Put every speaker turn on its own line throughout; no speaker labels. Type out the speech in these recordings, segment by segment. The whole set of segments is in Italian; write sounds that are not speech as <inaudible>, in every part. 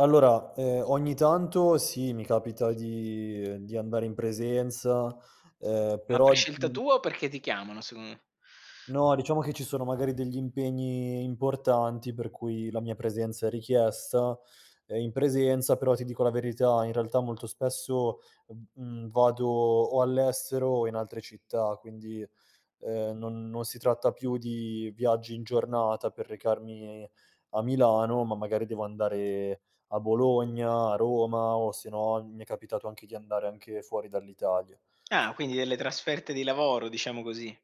Allora, uhm, ogni tanto sì, mi capita di uhm, di andare in presenza, uhm,
Ma per
però,
scelta
mhmm
tua o perché ti chiamano se u
No, diciamo che ci sono magari degli impegni importanti per cui la mia presenza è richiesta, ehm, in presenza, però ti dico la verità, in realtà molto spesso v mhmm, vado o all'estero o in altre città, quindi, uhm, non non si tratta più di viaggi in giornata per recarmi a Milano, ma magari devo andare a Bologna, a Roma, o se no mi è capitato anche di andare anche fuori dall'Italia.
Ah, quindi delle trasferte di lavoro, diciamo così.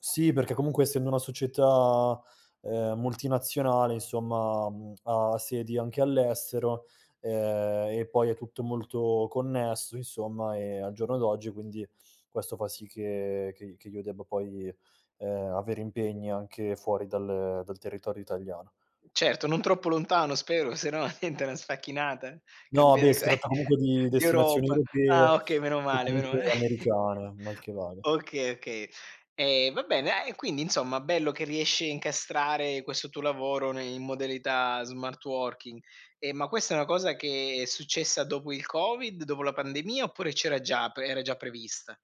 Sì, perché comunque essendo una società, uhm, multinazionale, insomma, mhmm, ha sedi anche all'estero, ehm, e poi è tutto molto connesso insomma, ehm, al giorno d'oggi quindi questo fa sì che che i che io debba poi, uhm, avere impegni anche fuori dal dal territorio italiano.
Certo, non troppo lontano spero, se no diventa una sfacchinata,
No, beh,
cambiare
si
ca
tratta comunque di destinazioni
d'Europa. Ah,
europee,
okay, meno
o
male, meno ma
comunque
<chuckles>
americane, mal che vada.
Okay, okay. Ehm, va bene, a e quindi insomma bello che riesci a incastrare questo tuo lavoro ne in modalità smart working. Ehm, ma questa è una cosa che è successa dopo il covid, dopo la pandemia oppure c'era già, pre era già prevista?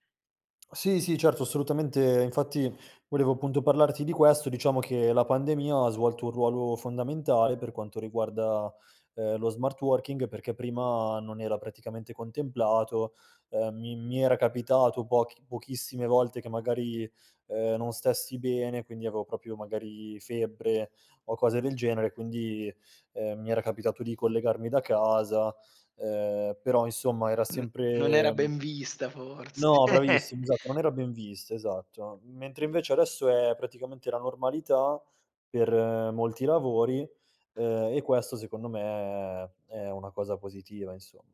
Sì, sì, certo, assolutamente. Infatti volevo appunto parlarti di questo. Diciamo che la pandemia ha svolto un ruolo fondamentale per quanto riguarda, uhm, lo smart working, perché prima non era praticamente contemplato. Uhm, mi mi era capitato pochi pochissime volte che magari, uhm, non stessi bene, quindi avevo proprio magari febbre o cose del genere, quindi, uhm, mi era capitato di collegarmi da casa, uhm, però insomma era
Mh. Non era
sempre mhmm,
ben vista forse.
no, bravissimo,
<chuckles>
esatto, non era ben vista, esatto. Mentre invece adesso è praticamente la normalità per molti lavori, uhm, e questo, secondo me, è una cosa positiva insomma.